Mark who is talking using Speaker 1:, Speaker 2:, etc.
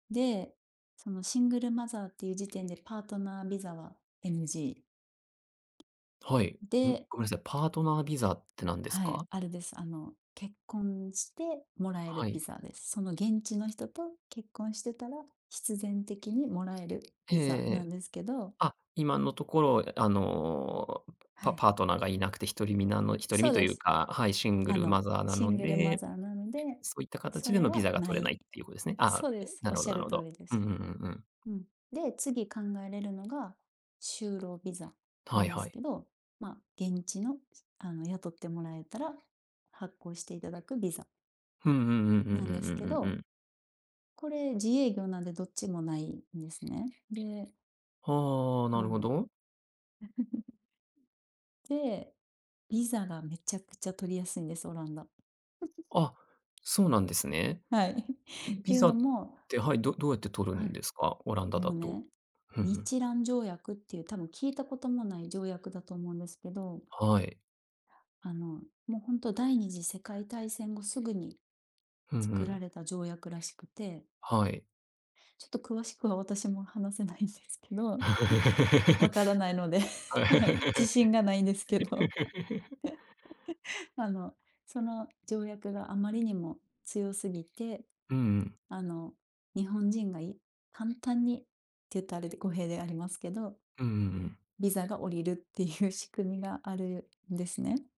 Speaker 1: で、そのシングルマザーっていう時点でパートナービザは NG。
Speaker 2: はい。うん。
Speaker 1: で。
Speaker 2: ごめんなさい。パートナービザって何です
Speaker 1: はい、
Speaker 2: か？
Speaker 1: あれです。あの、結婚してもらえ
Speaker 2: は
Speaker 1: るビ
Speaker 2: い。
Speaker 1: ザです。その現地の人と結婚してたら、必然的に貰える
Speaker 2: ええ
Speaker 1: ビ
Speaker 2: え
Speaker 1: ザ
Speaker 2: ええ
Speaker 1: なん
Speaker 2: え。
Speaker 1: ですけど。
Speaker 2: あっ、今のところ、あの、
Speaker 1: は
Speaker 2: パ
Speaker 1: い。
Speaker 2: パートナーがいなくて、独り身なの独り
Speaker 1: そ
Speaker 2: 身
Speaker 1: う
Speaker 2: と
Speaker 1: で
Speaker 2: いう
Speaker 1: す。
Speaker 2: か、はい、シング
Speaker 1: あ
Speaker 2: ル
Speaker 1: の、
Speaker 2: マザーな
Speaker 1: シン
Speaker 2: の
Speaker 1: グルマ
Speaker 2: で、
Speaker 1: ザーなので、
Speaker 2: そういった
Speaker 1: そ
Speaker 2: 形で
Speaker 1: れ
Speaker 2: のビ
Speaker 1: は
Speaker 2: ザが
Speaker 1: な
Speaker 2: 取れな
Speaker 1: い。
Speaker 2: いっていうことですね。あ
Speaker 1: そう
Speaker 2: あ、
Speaker 1: です、
Speaker 2: な
Speaker 1: おっ
Speaker 2: るほ
Speaker 1: し
Speaker 2: ど
Speaker 1: ゃ
Speaker 2: なる
Speaker 1: る
Speaker 2: ほ
Speaker 1: 通
Speaker 2: ど。
Speaker 1: りで
Speaker 2: う
Speaker 1: す。
Speaker 2: んうんうんうん。
Speaker 1: うん、で、次考えれるのが、就労ビザな
Speaker 2: はい
Speaker 1: んで
Speaker 2: は
Speaker 1: す
Speaker 2: い。
Speaker 1: けど、まあ、現地のあの、雇ってもらえたら、発行していただくビザ。
Speaker 2: うんうんうんうん
Speaker 1: なん
Speaker 2: う
Speaker 1: です
Speaker 2: ん
Speaker 1: け
Speaker 2: うんうん
Speaker 1: ど。
Speaker 2: うん。
Speaker 1: これ自営業なんでどっちもないんですね。で。
Speaker 2: はあ、な
Speaker 1: あ
Speaker 2: るほ
Speaker 1: の。
Speaker 2: ど。
Speaker 1: で、ビザがめちゃくちゃ取りやすいんです、オランダ。
Speaker 2: あ、そうなんですね。
Speaker 1: はい。て
Speaker 2: ビ
Speaker 1: いう
Speaker 2: ザ
Speaker 1: の
Speaker 2: っ
Speaker 1: も。
Speaker 2: て、はい、どどうやって取る
Speaker 1: は
Speaker 2: ん
Speaker 1: い。
Speaker 2: ですか？オランダ
Speaker 1: も
Speaker 2: だ
Speaker 1: う
Speaker 2: と。
Speaker 1: ね、
Speaker 2: ふんふん。
Speaker 1: 日蘭条約っていう多分聞いたこともない条約だと思うんですけど。
Speaker 2: はい。
Speaker 1: あのもう本当第2次世界大戦後、すぐに
Speaker 2: うんう
Speaker 1: 作ら
Speaker 2: ん。
Speaker 1: れた条約らしくて。
Speaker 2: はい。
Speaker 1: ちょっと詳しくは私も話せないんですけど。わからないので、はい、自信がないんですけど。あの、その条約があまりにも強すぎて、
Speaker 2: うんうん。
Speaker 1: あの、日本人が、簡単にって言ったら語弊でありますけど。
Speaker 2: うんうんうん。
Speaker 1: ビザが下りるっていう仕組みがあるんですね。